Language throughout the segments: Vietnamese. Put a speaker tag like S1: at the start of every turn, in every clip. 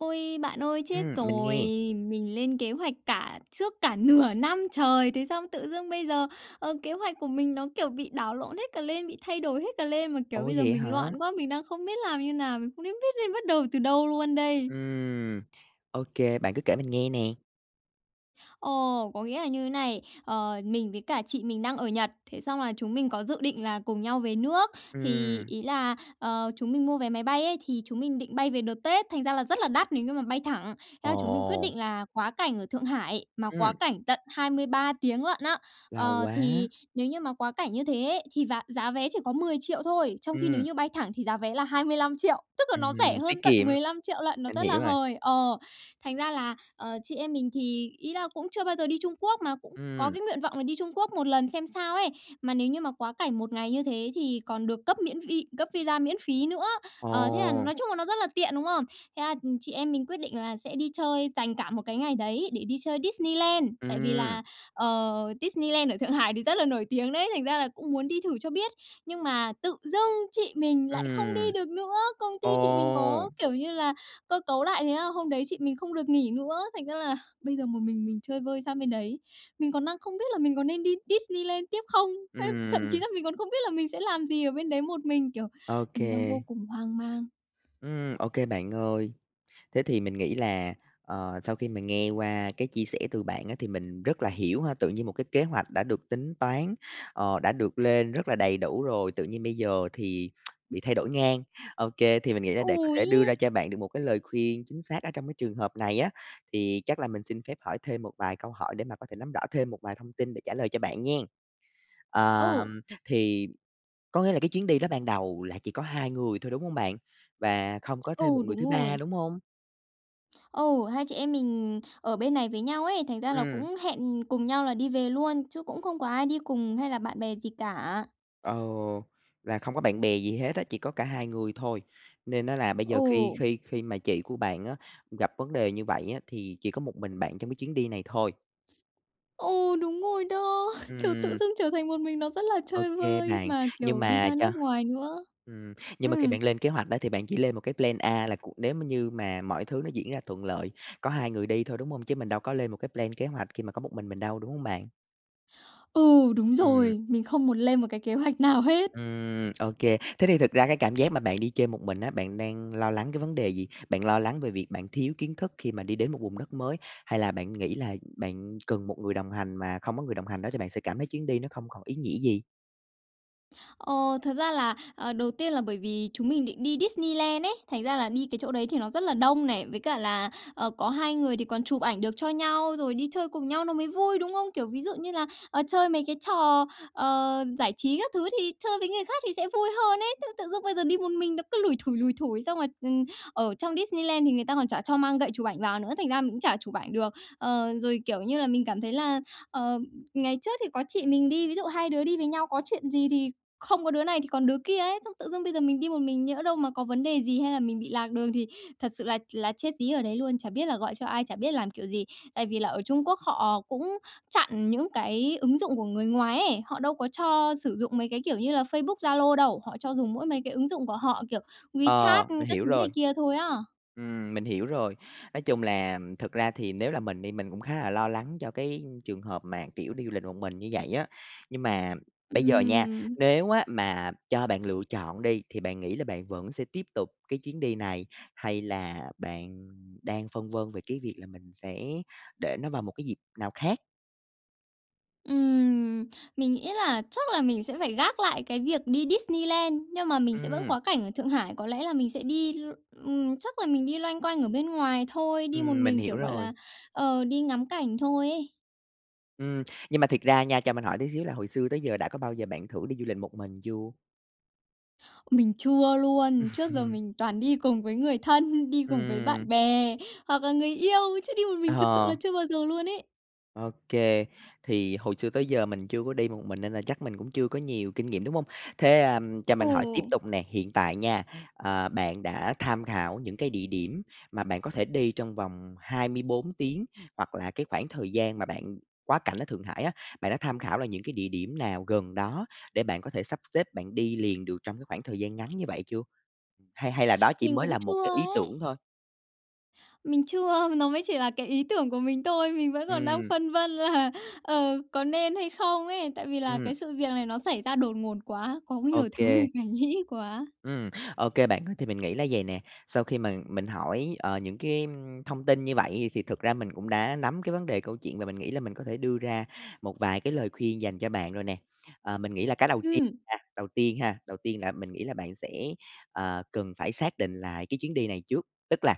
S1: Ôi, bạn ơi, chết
S2: Ừm, mình
S1: rồi!
S2: nghe.
S1: Mình lên kế hoạch cả trước cả nửa năm trời, thế xong tự dưng bây giờ, ờ, kế hoạch của mình nó kiểu bị đảo lộn hết cả lên, bị thay đổi hết cả lên, mà, kiểu,
S2: Ủa,
S1: bây giờ
S2: vậy
S1: mình
S2: hả?
S1: loạn quá, mình đang không biết làm như nào, mình không nên biết nên bắt đầu từ đâu luôn đây!
S2: Ừm, OK. Bạn cứ kể mình nghe nè.
S1: Ồ! Có nghĩa là như thế này, ờ, mình với cả chị mình đang ở Nhật, thế xong là chúng mình có dự định là cùng nhau về nước. Thì
S2: Ừm.
S1: ý là, ờ, chúng mình mua vé máy bay ấy, thì chúng mình định bay về đợt Tết, thành ra là rất là đắt nếu như mà bay thẳng. Thế là chúng mình quyết
S2: Ồ!
S1: định là quá cảnh ở Thượng Hải, mà quá
S2: Ừm.
S1: cảnh tận 23 tiếng lận á.
S2: Lâu
S1: Ờ,
S2: quá!
S1: thì nếu như mà quá cảnh như thế ấy, thì giá giá vé chỉ có 10.000.000 thôi. Trong khi nếu
S2: Ừm.
S1: như bay thẳng thì giá vé là 25.000.000, tức là nó rẻ
S2: Ừm,
S1: hơn
S2: tiết
S1: tận
S2: kiệm,
S1: 15.000.000 lận, nó
S2: mình
S1: rất là
S2: hiểu rồi.
S1: hời. Ờ, thành ra là, ờ, chị em mình thì ý là cũng chưa bao giờ đi Trung Quốc, mà cũng có
S2: Ừm.
S1: cái nguyện vọng là đi Trung Quốc một lần xem sao ấy. Mà nếu như mà quá cảnh một ngày như thế thì còn được cấp miễn vi cấp visa miễn phí nữa. Ờ, thế là
S2: Ồ!
S1: nói chung là nó rất là tiện, đúng không? Thế là chị em mình quyết định là sẽ đi chơi, dành cả một cái ngày đấy để đi chơi Disneyland, tại vì
S2: Ừm.
S1: là, ờ, Disneyland ở Thượng Hải thì rất là nổi tiếng đấy, thành ra là cũng muốn đi thử cho biết. Nhưng mà tự dưng chị mình lại không đi
S2: Ừm.
S1: được nữa! Công ty chị mình
S2: Ồ!
S1: có, kiểu như là, cơ cấu lại thế là hôm đấy chị mình không được nghỉ nữa, thành ra là bây giờ một mình mình chơi vơi sang bên đấy. Mình còn đang không biết là mình có nên đi Disneyland tiếp không, ấy, thậm chí
S2: Ừm.
S1: là mình còn không biết là mình sẽ làm gì ở bên đấy một mình, kiểu, mình đang vô
S2: OK.
S1: cùng hoang mang.
S2: Ừm, OK bạn ơi. Thế thì mình nghĩ là, ờ, sau khi mà nghe qua cái chia sẻ từ bạn á thì mình rất là hiểu ha. Tự nhiên một cái kế hoạch đã được tính toán, ờ, đã được lên rất là đầy đủ rồi, tự nhiên bây giờ thì bị thay đổi ngang. OK, thì mình nghĩ là để có
S1: Ừ,
S2: thể đưa ra
S1: ấy!
S2: cho bạn được một cái lời khuyên chính xác ở trong cái trường hợp này á, thì chắc là mình xin phép hỏi thêm một vài câu hỏi để mà có thể nắm rõ thêm một vài thông tin để trả lời cho bạn nghen. Ờ,
S1: Ừ.
S2: thì có nghĩa là cái chuyến đi đó ban đầu là chỉ có 2 người thôi, đúng hông bạn? Và không có thêm một
S1: Ừ,
S2: người
S1: đúng
S2: thứ ba,
S1: rồi.
S2: đúng hông?
S1: Ừ, hai chị em mình ở bên này với nhau ấy, thành ra là
S2: Ừm.
S1: cũng hẹn cùng nhau là đi về luôn, chứ cũng không có ai đi cùng hay là bạn bè gì cả.
S2: Ờ, là không có bạn bè gì hết á, chỉ có cả hai người thôi. Nên á là bây giờ khi
S1: Ừ.
S2: khi khi mà chị của bạn á gặp vấn đề như vậy á, thì chỉ có một mình bạn trong cái chuyến đi này thôi.
S1: Ừ, đúng rồi đó. Kiểu tự
S2: Ừm.
S1: dưng trở thành một mình, nó rất là chơi
S2: OK
S1: vơi,
S2: bạn.
S1: mà
S2: Nhưng
S1: kiểu đi
S2: mà
S1: ra
S2: cho
S1: nước ngoài nữa.
S2: ừm, nhưng mà khi
S1: Ừm.
S2: bạn lên kế hoạch á thì bạn chỉ lên một cái plan A là c nếu m như mà mọi thứ nó diễn ra thuận lợi, có 2 người đi thôi, đúng hông? Chứ mình đâu có lên một cái plan, kế hoạch khi mà có một mình mình đâu, đúng hông bạn?
S1: Ừ, đúng
S2: Ừm.
S1: rồi, mình không muốn lên một cái kế hoạch nào hết.
S2: Ừm, OK. Thế thì thực ra cái cảm giác mà bạn đi chơi một mình á, bạn đang lo lắng cái vấn đề gì? Bạn lo lắng về việc bạn thiếu kiến thức khi mà đi đến một vùng đất mới, hay là bạn nghĩ là bạn cần một người đồng hành mà không có người đồng hành đó thì bạn sẽ cảm thấy chuyến đi nó không còn ý nghĩa gì?
S1: Ờ, thật ra là, ờ, đầu tiên là bởi vì chúng mình định đi Disneyland ấy, thành ra là đi cái chỗ đấy thì nó rất là đông này, với cả là, ờ, có 2 người thì còn chụp ảnh được cho nhau, rồi đi chơi cùng nhau nó mới vui, đúng không? Kiểu ví dụ như là, ờ, chơi mấy cái trò, ờ, giải trí các thứ thì chơi với người khác thì sẽ vui hơn ấy, thế tự dưng bây giờ đi một mình nó cứ lủi thủi, lủi thủi. Xong rồi, ừm, ở trong Disneyland thì người ta còn chả cho mang gậy chụp ảnh vào nữa, thành ra mình cũng chả chụp ảnh được. Ờ, rồi, kiểu như là, mình cảm thấy là, ờ, ngày trước thì có chị mình đi, ví dụ hai đứa đi với nhau, có chuyện gì thì không có đứa này thì còn đứa kia ấy, xong tự dưng bây giờ mình đi một mình, nhỡ đâu mà có vấn đề gì hay là mình bị lạc đường thì thật sự là là chết dí ở đấy luôn, chả biết là gọi cho ai, chả biết làm kiểu gì. Tại vì là ở Trung Quốc họ cũng chặn những cái ứng dụng của người ngoài ấy, họ đâu có cho sử dụng mấy cái kiểu như là Facebook, Zalo đâu, họ cho dùng mỗi mấy cái ứng dụng của họ, kiểu WeChat
S2: Ờ, mình
S1: các
S2: hiểu
S1: thứ này
S2: rồi.
S1: kia thôi á.
S2: Ừm, mình hiểu rồi, nói chung là thực ra thì nếu là mình đi mình cũng khá là lo lắng cho cái trường hợp mà, kiểu, đi du lịch một mình như vậy á. Nhưng mà bây giờ nha,
S1: Ừm.
S2: nếu á mà cho bạn lựa chọn đi, thì bạn nghĩ là bạn vẫn sẽ tiếp tục cái chuyến đi này, hay là bạn đang phân vân về cái việc là mình sẽ để nó vào một cái dịp nào khác?
S1: Ừm, mình nghĩ là chắc là mình sẽ phải gác lại cái việc đi Disneyland, nhưng mà mình sẽ vẫn
S2: Ừm.
S1: quá cảnh ở Thượng Hải, có lẽ là mình sẽ đi l ừm, chắc là mình đi loanh quanh ở bên ngoài thôi, đi một
S2: Ừm, mình
S1: mình, kiểu,
S2: hiểu
S1: gọi là,
S2: rồi.
S1: ờ, đi ngắm cảnh thôi ấy.
S2: Ừm, nhưng mà thiệt ra nha, cho mình hỏi tí xíu là hồi xưa tới giờ đã có bao giờ bạn thử đi du lịch một mình chưa?
S1: Mình chưa luôn. Trước giờ
S2: Ừm.
S1: mình toàn đi cùng với người thân, đi cùng với
S2: Ừm.
S1: bạn bè hoặc là người yêu, chứ đi một mình thật sự là
S2: Ờ.
S1: chưa bao giờ luôn ấy.
S2: Ô kê. Thì hồi xưa tới giờ mình chưa có đi một mình nên là chắc mình cũng chưa có nhiều kinh nghiệm, đúng hông? Thế, ờm, cho
S1: Ừ.
S2: mình hỏi tiếp tục nè, hiện tại nha, ờ, bạn đã tham khảo những cái địa điểm mà bạn có thể đi trong vòng 24 tiếng, hoặc là cái khoảng thời gian mà bạn quá cảnh ở Thượng Hải á, bạn đã tham khảo là những cái địa điểm nào gần đó để bạn có thể sắp xếp bạn đi liền được trong cái khoảng thời gian ngắn như vậy chưa? Hay hay là đó chỉ
S1: Mình
S2: mới
S1: cũng
S2: là một
S1: chưa
S2: cái ý
S1: ấy.
S2: tưởng thôi?
S1: Mình chưa, nó mới chỉ là cái ý tưởng của mình thôi, mình vẫn còn đang
S2: Ừm.
S1: phân vân là, ờ, có nên hay không ấy. Tại vì là
S2: Ừm.
S1: cái sự việc này nó xảy ra đột ngột quá, có
S2: Ô
S1: nhiều thứ mình
S2: kê.
S1: phải nghĩ quá.
S2: Ừm, ô kê bạn ơi. Thì mình nghĩ là vầy nè, sau khi mà mình hỏi, ờ, những cái, ưm, thông tin như vậy thì thực ra mình cũng đã nắm cái vấn đề câu chuyện và mình nghĩ là mình có thể đưa ra một vài cái lời khuyên dành cho bạn rồi nè. Ờ, mình nghĩ là cái đầu tiên
S1: Ừm.
S2: là đầu tiên ha, đầu tiên là mình nghĩ là bạn sẽ, à, cần phải xác định lại cái chuyến đi này trước. Tức là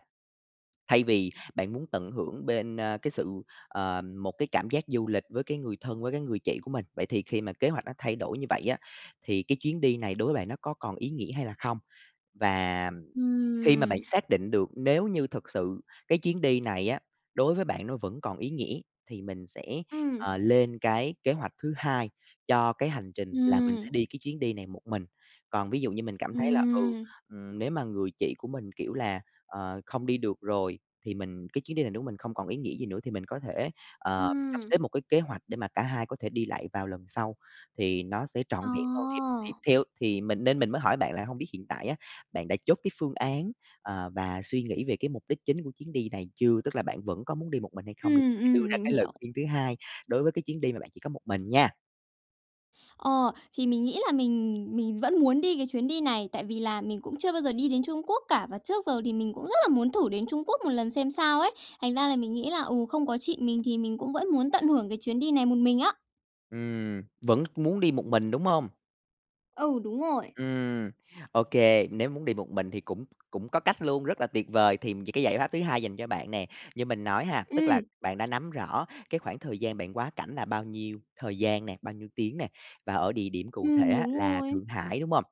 S2: thay vì bạn muốn tận hưởng bên, ơ, cái sự ờ, một cái cảm giác du lịch với cái người thân, với cái người chị của mình, vậy thì khi mà kế hoạch nó thay đổi như vậy á, thì cái chuyến đi này đối với bạn nó có còn ý nghĩa hay là không? Và, ừm, khi mà bạn
S1: Ừm.
S2: xác định được nếu như thực sự cái chuyến đi này á, đối với bạn nó vẫn còn ý nghĩa thì mình sẽ,
S1: Ừm.
S2: à, lên cái kế hoạch thứ hai cho cái hành trình là mình
S1: Ừm.
S2: sẽ đi cái chuyến đi này một mình. Còn ví dụ như mình cảm thấy là, ừ,
S1: Ừm.
S2: ừm, nếu mà người chị của mình, kiểu là, ờ, không đi được rồi, thì mình cái chuyến đi này nếu mình không còn ý nghĩa gì nữa thì mình có thể, ờ, sắp
S1: Ừm.
S2: xếp một cái kế hoạch để mà cả hai có thể đi lại vào lần sau, thì nó sẽ trọn
S1: Ờ.
S2: vẹn hơn. Thì thì theo thì mình nên mình mới hỏi bạn là hông biết hiện tại á, bạn đã chốt cái phương án, ờ, và suy nghĩ về cái mục đích chính của chuyến đi này chưa? Tức là bạn vẫn có muốn đi một mình hay không n
S1: Ừm,
S2: để đưa
S1: ừm,
S2: ra
S1: mình
S2: cái lời
S1: hiểu.
S2: khuyên thứ hai, đối với cái chuyến đi mà bạn chỉ có một mình nha.
S1: Ờ, thì mình nghĩ là mình mình vẫn muốn đi cái chuyến đi này, tại vì là mình cũng chưa bao giờ đi đến Trung Quốc cả, và trước giờ thì mình cũng rất là muốn thử đến Trung Quốc một lần xem sao ấy. Thành ra là mình nghĩ là, ừ, không có chị mình thì mình cũng vẫn muốn tận hưởng cái chuyến đi này một mình á.
S2: Ừm, vẫn muốn đi một mình, đúng hông?
S1: Ừ, đúng rồi.
S2: Ừm, ô kê, nếu muốn đi một mình thì cũng cũng có cách luôn, rất là tuyệt vời. Thì cái giải pháp thứ hai dành cho bạn nè, như mình nói ha, tức là
S1: Ừm.
S2: bạn đã nắm rõ cái khoảng thời gian bạn quá cảnh là bao nhiêu thời gian nè, bao nhiêu tiếng nè, và ở địa điểm cụ thể
S1: Ừm,
S2: á
S1: đúng
S2: là
S1: rồi.
S2: Thượng Hải, đúng hông?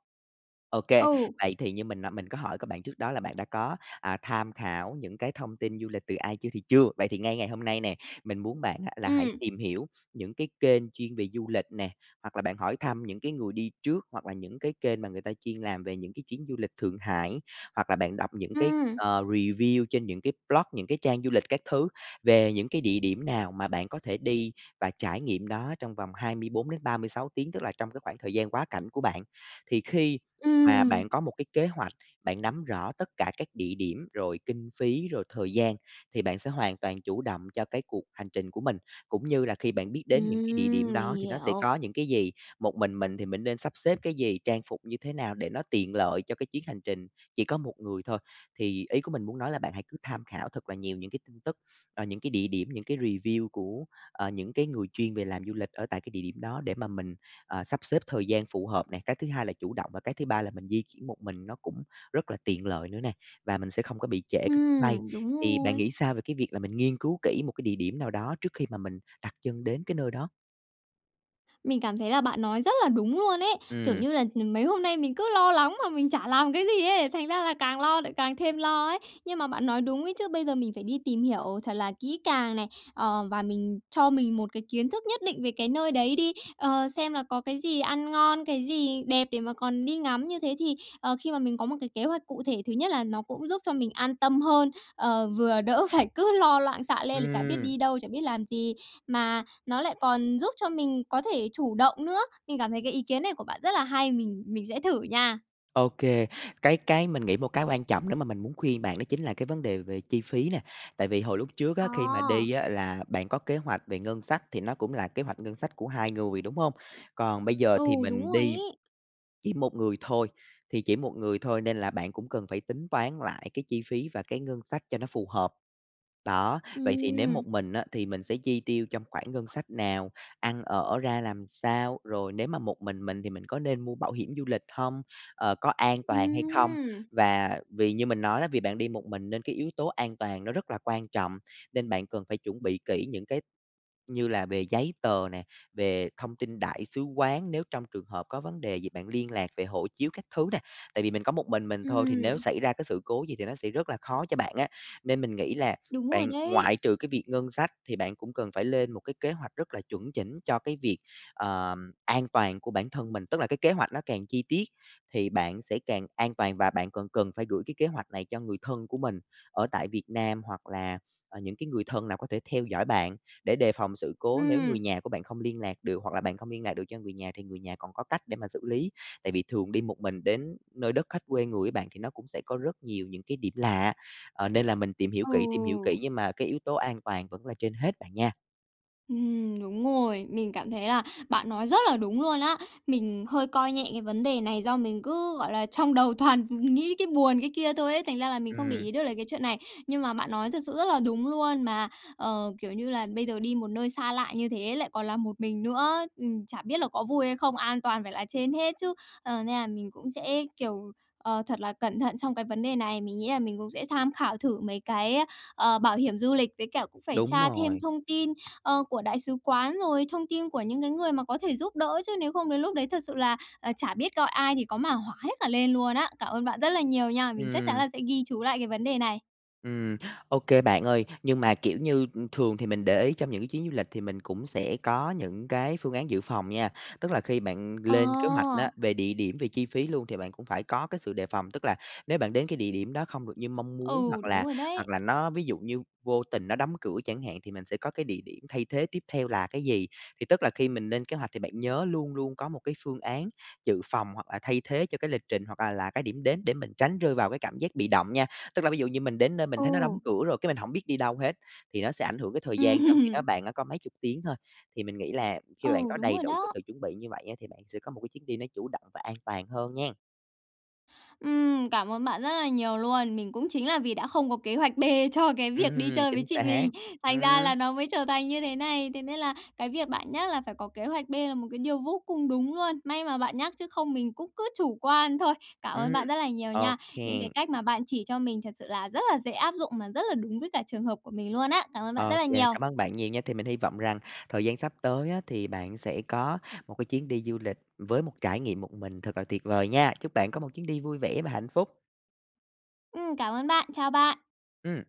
S2: Ô kê,
S1: Ừ.
S2: vậy thì như mình nãy mình có hỏi có bạn trước đó là bạn đã có, à, tham khảo những cái thông tin du lịch từ ai chưa thì chưa. Vậy thì ngay ngày hôm nay nè, mình muốn bạn á, là hãy
S1: Ừm.
S2: tìm hiểu những cái kênh chuyên về du lịch nè, hoặc là bạn hỏi thăm những cái người đi trước, hoặc là những cái kênh mà người ta chuyên làm về những cái chuyến du lịch Thượng Hải, hoặc là bạn đọc những cái
S1: Ừm.
S2: ờ review trên những cái blog, những cái trang du lịch các thứ, về những cái địa điểm nào mà bạn có thể đi và trải nghiệm đó trong vòng 24 đến 36 tiếng, tức là trong cái khoảng thời gian quá cảnh của bạn. Thì khi mà
S1: Ừm.
S2: bạn có một cái kế hoạch, bạn nắm rõ tất cả các địa điểm, rồi kinh phí, rồi thời gian thì bạn sẽ hoàn toàn chủ động cho cái cuộc hành trình của mình, cũng như là khi bạn biết đến những cái địa điểm
S1: Ừm, mình
S2: đó thì nó sẽ
S1: hiểu.
S2: có những cái gì, một mình mình thì mình nên sắp xếp cái gì, trang phục như thế nào để nó tiện lợi cho cái chuyến hành trình chỉ có một người thôi. Thì ý của mình muốn nói là bạn hãy cứ tham khảo thật là nhiều những cái tin tức, ờ, những cái địa điểm, những cái review của, ờ, những cái người chuyên về làm du lịch ở tại cái địa điểm đó để mà mình, ờ, sắp xếp thời gian phù hợp này, cái thứ hai là chủ động và cái thứ ba là mình di chuyển một mình nó cũng rất là tiện lợi nữa nè, và mình sẽ không có bị trễ cái chuyến bay.
S1: Ừm, đúng
S2: Thì bạn
S1: rồi.
S2: nghĩ sao về cái việc là mình nghiên cứu kỹ một cái địa điểm nào đó trước khi mà mình đặt chân đến cái nơi đó?
S1: Mình cảm thấy là bạn nói rất là đúng luôn ấy, kiểu
S2: Ừm.
S1: như là, ừm, mấy hôm nay mình cứ lo lắng mà mình chả làm cái gì ấy, thành ra là càng lo lại càng thêm lo ấy. Nhưng mà bạn nói đúng ấy chứ, bây giờ mình phải đi tìm hiểu thật là kỹ càng này, ờ, và mình cho mình một cái kiến thức nhất định về cái nơi đấy đi, ờ, xem là có cái gì ăn ngon, cái gì đẹp để mà còn đi ngắm như thế thì, ờ, khi mà mình có một cái kế hoạch cụ thể, thứ nhất là nó cũng giúp cho mình an tâm hơn, ờ, vừa đỡ phải cứ lo loạn xạ lên là chả biết
S2: Ừm.
S1: đi đâu, chả biết làm gì, mà nó lại còn giúp cho mình có thể chủ động nữa. Mình cảm thấy cái ý kiến này của bạn rất là hay, mình mình sẽ thử nha.
S2: Ô kê, cái cái mình nghĩ một cái quan trọng nếu mà mình muốn khuyên bạn đó chính là cái vấn đề về chi phí nè. Tại vì hồi lúc trước á, khi mà
S1: Ờ.
S2: đi á là bạn có kế hoạch về ngân sách, thì nó cũng là kế hoạch ngân sách của 2 người, đúng hông? Còn bây giờ
S1: Ừ,
S2: thì
S1: đúng
S2: mình
S1: rồi
S2: đi
S1: ấy.
S2: chỉ 1 người thôi, thì chỉ 1 người thôi nên là bạn cũng cần phải tính toán lại cái chi phí và cái ngân sách cho nó phù hợp. Đó, vậy thì nếu
S1: Ừm.
S2: một mình á thì mình sẽ chi tiêu trong khoảng ngân sách nào, ăn ở ra làm sao, rồi nếu mà một mình mình thì mình có nên mua bảo hiểm du lịch hông, ờ, có an toàn hay không?
S1: Ừm!
S2: Và vì như mình nói á, vì bạn đi một mình nên cái yếu tố an toàn nó rất là quan trọng, nên bạn cần phải chuẩn bị kỹ những cái như là về giấy tờ nè, về thông tin đại sứ quán, nếu trong trường hợp có vấn đề gì bạn liên lạc về hộ chiếu các thứ nè. Tại vì mình có một mình mình thôi thì nếu
S1: Ừm.
S2: xảy ra cái sự cố gì thì nó sẽ rất là khó cho bạn á, nên mình nghĩ là
S1: Đúng rồi
S2: bạn
S1: đấy.
S2: ngoại trừ cái việc ngân sách thì bạn cũng cần phải lên một cái kế hoạch rất là chuẩn chỉnh cho cái việc, ờm, an toàn của bản thân mình. Tức là cái kế hoạch nó càng chi tiết thì bạn sẽ càng an toàn và bạn cần cần phải gửi cái kế hoạch này cho người thân của mình ở tại Việt Nam hoặc là, ờ, những cái người thân nào có thể theo dõi bạn để đề phòng sự cố nếu
S1: Ừm.
S2: người nhà của bạn không liên lạc được, hoặc là bạn không liên lạc được cho người nhà thì người nhà còn có cách để mà xử lý. Tại vì thường đi một mình đến nơi đất khách quê người ấy bạn, thì nó cũng sẽ có rất nhiều những cái điểm lạ, ờ, nên là mình tìm hiểu kỹ, tìm hiểu kỹ
S1: Ừ.
S2: nhưng mà cái yếu tố an toàn vẫn là trên hết bạn nha.
S1: Ừm, đúng rồi, mình cảm thấy là bạn nói rất là đúng luôn á. Mình hơi coi nhẹ cái vấn đề này do mình cứ, gọi là, trong đầu toàn nghĩ cái buồn, cái kia thôi ấy, thành ra là mình không để
S2: Ừm.
S1: ý được là cái chuyện này. Nhưng mà bạn nói thực sự rất là đúng luôn mà, ờ, kiểu như là, bây giờ đi một nơi xa lạ như thế lại còn là một mình nữa, ừm, chả biết là có vui hay không, an toàn phải là trên hết chứ. Ờ, nên là mình cũng sẽ, kiểu, ờ, thật là cẩn thận trong cái vấn đề này. Mình nghĩ là mình cũng sẽ tham khảo thử mấy cái, ờ, bảo hiểm du lịch, với cả cũng phải
S2: Đúng
S1: tra thêm
S2: rồi.
S1: thông tin, ờ, của đại sứ quán, rồi thông tin của những cái người mà có thể giúp đỡ, chứ nếu không đến lúc đấy thật sự là, à, chả biết gọi ai thì có mà hỏa hết cả lên luôn á. Cảm ơn bạn rất là nhiều nha. Mình chắc chắn
S2: Ừm.
S1: là sẽ ghi chú lại cái vấn đề này.
S2: Ừm. Ô kê bạn ơi, nhưng mà kiểu như, ưm, thường thì mình để ý trong những cái chuyến du lịch thì mình cũng sẽ có những cái phương án dự phòng nha. Tức là khi bạn
S1: Ờ.
S2: lên kế hoạch á, về địa điểm về chi phí luôn thì bạn cũng phải có cái sự đề phòng, tức là nếu bạn đến cái địa điểm đó không được như mong muốn
S1: Ừ,
S2: hoặc
S1: đúng
S2: là
S1: rồi
S2: hoặc
S1: đấy.
S2: là nó ví dụ như vô tình nó đóng cửa chẳng hạn, thì mình sẽ có cái địa điểm thay thế tiếp theo là cái gì. Thì tức là khi mình lên kế hoạch thì bạn nhớ luôn luôn có một cái phương án dự phòng, hoặc là thay thế cho cái lịch trình hoặc là là cái điểm đến để mình tránh rơi vào cái cảm giác bị động nha. Tức là ví dụ như mình đến nơi mình thấy nó đóng
S1: Ừ.
S2: cửa rồi cái mình hổng biết đi đâu hết, thì nó sẽ ảnh hưởng cái thời gian trong khi đó
S1: Ừm.
S2: bạn đã có mấy chục tiếng thôi. Thì mình nghĩ là khi mà bạn
S1: Ừ,
S2: có
S1: đúng
S2: đầy
S1: rồi
S2: đủ cái
S1: đó.
S2: sự chuẩn bị như vậy á, thì bạn sẽ có một cái chuyến đi nó chủ động và an toàn hơn nghen.
S1: Ừm, cảm ơn bạn rất là nhiều luôn. Mình cũng chính là vì đã không có kế hoạch B cho cái việc đi
S2: Ừm,
S1: chơi với
S2: chính
S1: chị
S2: xác.
S1: mình. Thành ra là
S2: Ừm.
S1: nó mới trở thành như thế này, thế nên là cái việc bạn nhắc là phải có kế hoạch B là một cái điều vô cùng đúng luôn. May mà bạn nhắc chứ không mình cũng cứ chủ quan thôi. Cảm ơn
S2: Ừm.
S1: bạn rất là nhiều
S2: Ô
S1: nha. Những cái
S2: kê.
S1: cách mà bạn chỉ cho mình thật sự là rất là dễ áp dụng mà rất là đúng với cả trường hợp của mình luôn á. Cảm ơn bạn rất
S2: Ô
S1: là
S2: kê,
S1: nhiều.
S2: cảm ơn bạn nhiều nha. Thì mình hy vọng rằng thời gian sắp tới á thì bạn sẽ có một cái chuyến đi du lịch với một trải nghiệm một mình thật là tuyệt vời nha! Chúc bạn có một chuyến đi vui vẻ và hạnh phúc.
S1: Ừm, cảm ơn bạn. Chào bạn.
S2: Ừm.